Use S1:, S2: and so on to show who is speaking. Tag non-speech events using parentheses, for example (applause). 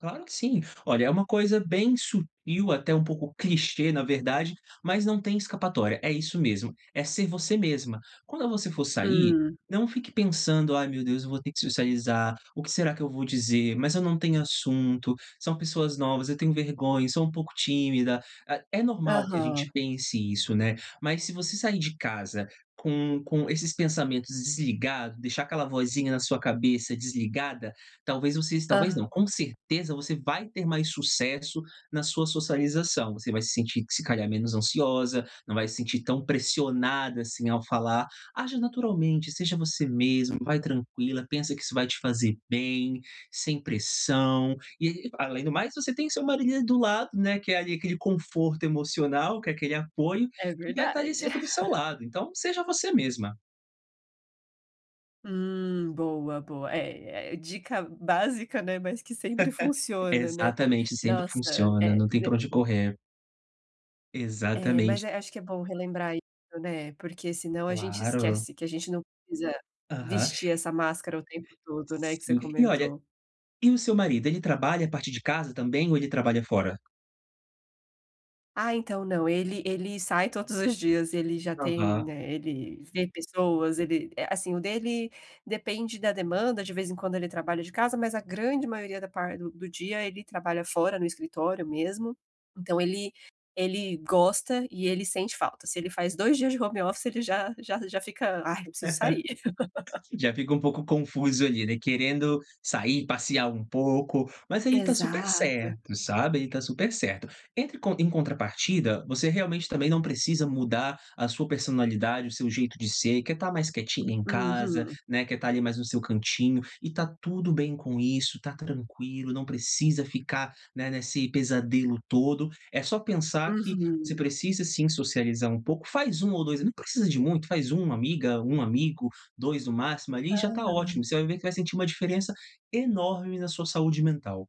S1: Claro que sim. Olha, é uma coisa bem sutil, até um pouco clichê na verdade, mas não tem escapatória, é isso mesmo, é ser você mesma. Quando você for sair,
S2: Hum.
S1: não fique pensando: "Ai meu Deus, eu vou ter que socializar, o que será que eu vou dizer? Mas eu não tenho assunto, são pessoas novas, eu tenho vergonha, e sou um pouco tímida". Ah, é normal que a gente
S2: Aham.
S1: pense isso, né, mas se você sair de casa com com esses pensamentos desligado, deixar aquela vozinha na sua cabeça desligada, talvez vocês talvez não,
S2: Hã.
S1: com certeza você vai ter mais sucesso na sua socialização. Você vai se sentir, que se calhar, menos ansiosa, não vai se sentir tão pressionada, assim, ao falar. Aja naturalmente, seja você mesma, vai tranquila, pensa que isso vai te fazer bem, sem pressão. E e, além do mais, você tem seu marido do lado, né, que é, ali, aquele conforto emocional, que é aquele apoio,
S2: É
S1: que vai tá
S2: verdade.
S1: ali sempre do seu
S2: (laughs)
S1: lado, então seja você mesma.
S2: Hum, boa, boa. É é, dica básica, né, mas que sempre
S1: (laughs)
S2: funciona, né.
S1: Exatamente, sempre
S2: Nossa,
S1: funciona,
S2: é,
S1: não tem
S2: né
S1: pra onde correr.
S2: É, mas,
S1: Exatamente.
S2: eh, acho que é bom relembrar isso, né, porque senão a gente
S1: Claro.
S2: esquece que a gente não precisa
S1: Aham.
S2: vestir essa máscara o tempo todo, né, que você
S1: Sim. E, olha,
S2: comentou.
S1: e o seu marido, ele trabalha a partir de casa também, ou ele trabalha fora?
S2: Ah, então, não, ele ele sai todos os dias, ele já tem,
S1: Aham.
S2: eh, ele vê pessoas, ele eh, assim, o dele, depende da demanda, de vez em quando ele trabalha de casa, mas a grande maioria da par do do dia, ele trabalha fora, no escritório mesmo. Então ele ele gosta, e ele sente falta. Se ele faz 2 dias de home office, ele já já já fica: "Ai, preciso sair". (laughs)
S1: (laughs) Já fica um pouco confuso, ali, né, querendo sair, passear um pouco. Mas ele tá super
S2: Exato.
S1: certo, sabe, ele tá super certo. Entre com em contrapartida, você realmente também não precisa mudar a sua personalidade, o seu jeito de ser, que é estar mais quietinha em casa,
S2: Uhum.
S1: né, que é estar ali, mais no seu cantinho, e tá tudo bem com isso, tá tranquilo, não precisa ficar, né, nesse pesadelo todo, é só pensar que você
S2: Uhum.
S1: precisa sim, socializar um pouco, faz 1 ou 2 ami não precisa de muito, faz 1 amiga, 1 amigo, 2 no máximo, ali, e já tá
S2: Ah.
S1: ótimo, você vai ver que vai sentir uma diferença enorme na sua saúde mental.